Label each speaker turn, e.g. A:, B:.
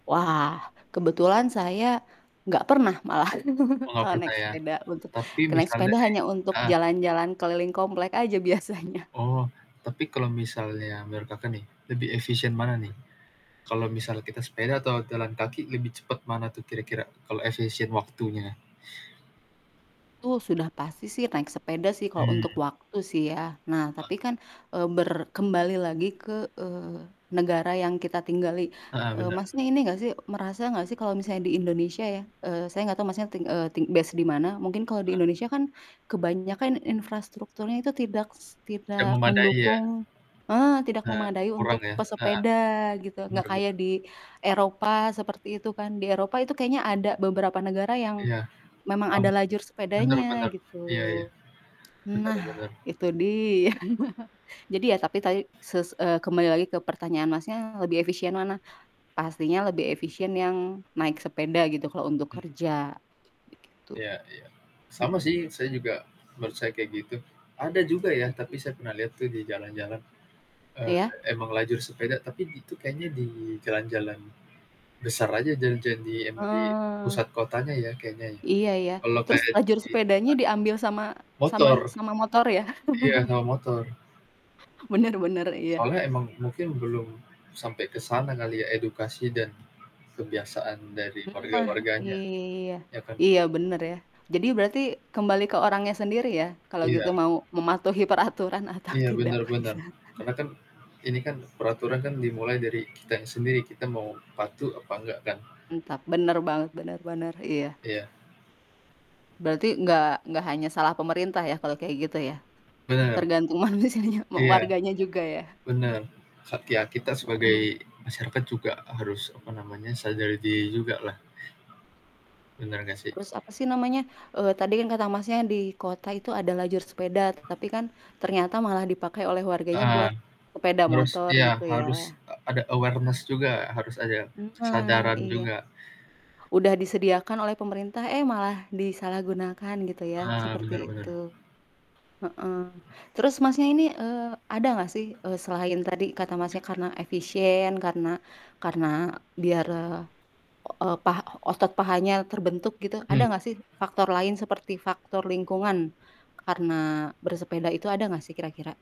A: Wah, kebetulan saya gak pernah malah,
B: Mau nggak
A: kalo naik
B: percaya,
A: sepeda untuk
B: tapi
A: kalo naik
B: misalnya
A: sepeda
B: nih
A: hanya untuk
B: heeh.
A: jalan-jalan keliling komplek aja biasanya.
B: Oh, tapi kalau misalnya mereka kan nih, lebih efisien
A: Mhm
B: mana
A: mhm.
B: nih, kalau misal kita sepeda atau jalan kaki lebih cepat mana tuh kira-kira, kalau efisien waktunya?
A: Itu sudah pasti sih, naik sepeda sih, kalo untuk
B: Mmm.
A: waktu sih ya. Nah
B: Heeh.
A: tapi kan, eee, ber kembali lagi ke, eee, negara yang kita tinggali,
B: Heeh,
A: eee,
B: bener.
A: Masnya ini gak sih, merasa gak sih kalo misalnya di Indonesia ya, eee, saya gak tau Masnya ting eee, ting based di mana. Mungkin kalo di
B: Heeh.
A: Indonesia kan kebanyakan infrastrukturnya itu tidak s
B: Tidak
A: tidak
B: memadai ya.
A: mendukung heeh, tidak
B: Ha
A: memadai
B: kurang
A: untuk
B: ya? Heeh,
A: pesepeda gitu,
B: benar
A: gak
B: bener.
A: kayak di Eropa seperti itu kan. Di Eropa itu kayaknya ada beberapa negara yang
B: Iya,
A: memang
B: paham.
A: ada lajur
B: Bener
A: sepedanya
B: bener,
A: gitu.
B: iya iya, bener
A: Nah,
B: bener.
A: itu dia, jadi ya tapi tadi ses eee, kembali lagi ke pertanyaan Masnya, lebih efisien mana? Pastinya lebih efisien yang naik sepeda gitu, kalo untuk
B: Mmm.
A: kerja, begitu.
B: Iya iya. Sama
A: Mhm.
B: sih saya juga menurut saya kayak gitu, ada juga ya, tapi
A: Mhm.
B: saya pernah lihat tuh di jalan-jalan, eee,
A: Iya.
B: emang lajur sepeda, tapi itu kayaknya di jalan-jalan besar aja, jalan-jalan di emang di
A: Heeh.
B: pusat kotanya ya, kayaknya ya.
A: Iya iya,
B: Kalau
A: terus
B: kayak
A: lajur
B: di
A: sepedanya
B: ad
A: diambil sama sama
B: Motor,
A: sama motor ya?
B: iya, sama motor.
A: Bener bener, iya.
B: Soalnya emang mungkin belum sampai ke sana kali ya, edukasi dan kebiasaan dari
A: Nah,
B: warga-warganya,
A: iya,
B: iya kan?
A: iya bener ya, jadi berarti kembali ke orangnya sendiri ya, kalau gitu
B: Iya.
A: mau mematuhi peraturan atau
B: Iya,
A: tidak.
B: benar benar, karena kan ini kan peraturan kan dimulai dari kitanya sendiri, kita mau patuh apa engga kan?
A: Mantap, bener banget, bener bener, iya.
B: Iya.
A: Berarti nggak nggak hanya salah pemerintah ya, kalo kayak gitu ya?
B: Bener.
A: Tergantung manusianya mau
B: Iya.
A: warganya juga ya?
B: Benar, hak kia kita
A: Heeh.
B: sebagai masyarakat juga harus apa namanya, sadar diri juga lah. Benar nggak sih?
A: Terus apa sih namanya, eee, tadi kan kata Masnya di kota itu ada lajur sepeda, tapi kan ternyata malah dipakai oleh warganya
B: Heeh,
A: buat sepeda
B: harus
A: motor
B: iya,
A: gitu ya.
B: eee, ada awareness juga, harus ada
A: Nah
B: kesadaran
A: iya.
B: juga.
A: Udah disediakan oleh pemerintah, eh malah disalahgunakan gitu ya,
B: Ah,
A: seperti
B: bener
A: itu.
B: bener.
A: Heeh, terus Masnya ini, eee, ada gak sih, eee, selain tadi kata Masnya karena efisien karena karena biar, eee, o pa otot pahanya terbentuk gitu, ada
B: Hmm.
A: gak sih faktor lain seperti faktor lingkungan karena bersepeda itu, ada gak sih kira-kira?